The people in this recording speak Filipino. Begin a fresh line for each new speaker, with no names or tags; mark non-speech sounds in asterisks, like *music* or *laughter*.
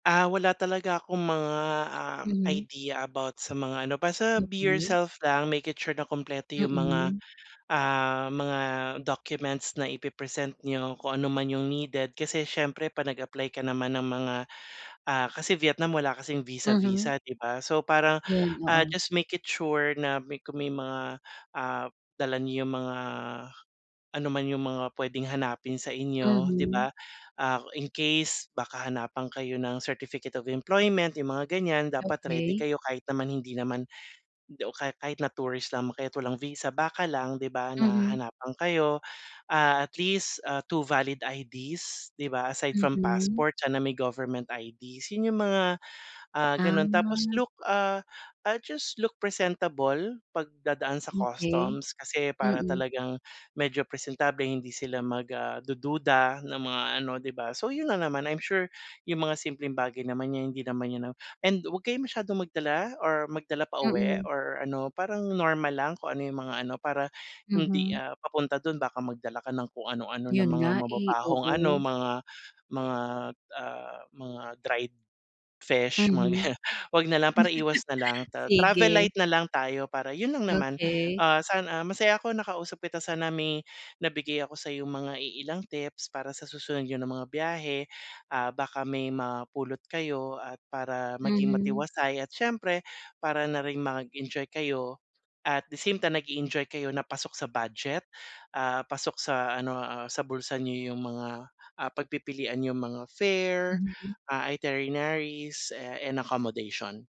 Ah, wala talaga akong mga, ah,
Mhm.
idea about sa mga ano, basta be
Okey.
yourself lang, make it sure na kumpleto yung mga,
Mm.
ah, mga documents na ipe-present niyo kung ano man yung needed. Kasi syempre 'pag nag-apply ka naman ng mga, ah, kasi Vietnam wala kasing
Mhm.
visa-visa, 'di ba? So, parang,
Yun,
ah,
oo.
just make it sure na may kung may mga, ah dala niyo yung mga ano man yung mga pwedeng hanapin sa inyo, 'di
Mhm.
ba? Ah, in case baka hanapan kayo ng certificate of employment, yung mga ganiyan. Dapat ready
Okey.
kayo kahit naman hindi naman hindi o ka kahit na tourist lamang kayo at walang visa, baka lang, 'di ba, na
Mhm.
hanapan kayo, ah, at least, ah, 2 valid IDs 'di ba, aside from
Mm.
passport sana may government IDs. Yun yung mga, ah, gano'n tapos
Ah.
look, ah, ah, just look presentable 'pag dadaan sa
Okey.
customs kasi para
Mm.
talagang medyo presentable hindi sila mag, ah, dududa ng mga ano, 'di ba? So, yun lang naman. I'm sure yung mga simpleng bagay naman niya hindi naman niya and 'wag kayo masyadong magdala or magdala pauwi
Mm.
or ano parang normal lang kung ano yung mga ano, para hindi,
Mhm.
ah, papunta dun baka magdala ka ng kung ano-ano ng
Yun
mga
nga eh,
mababahong ano,
oo.
mga mga at, ah, mga dried fish, mga
Mhm,
ganiyan, huwag nalang para iwas nalang.
*laughs*
Ta travel
sige.
light na lang tayo para yun lang naman.
Okey.
Ah, sana masaya ako nakausap kita, sana may nabigay ako sa'yong mga iilang tips para sa susunod niyo na mga biyahe, ah, baka may mapulot kayo at para maging
Mhm.
matiwasay at siyempre para na rin mag-enjoy kayo at the same time nag-e-enjoy kayo na pasok sa budget, ah, pasok sa ano, ah, sa bulsa niyo yung mga, ah, pagpipilian yung mga fare,
Mhm.
ah, itineraries eh, and accommodation.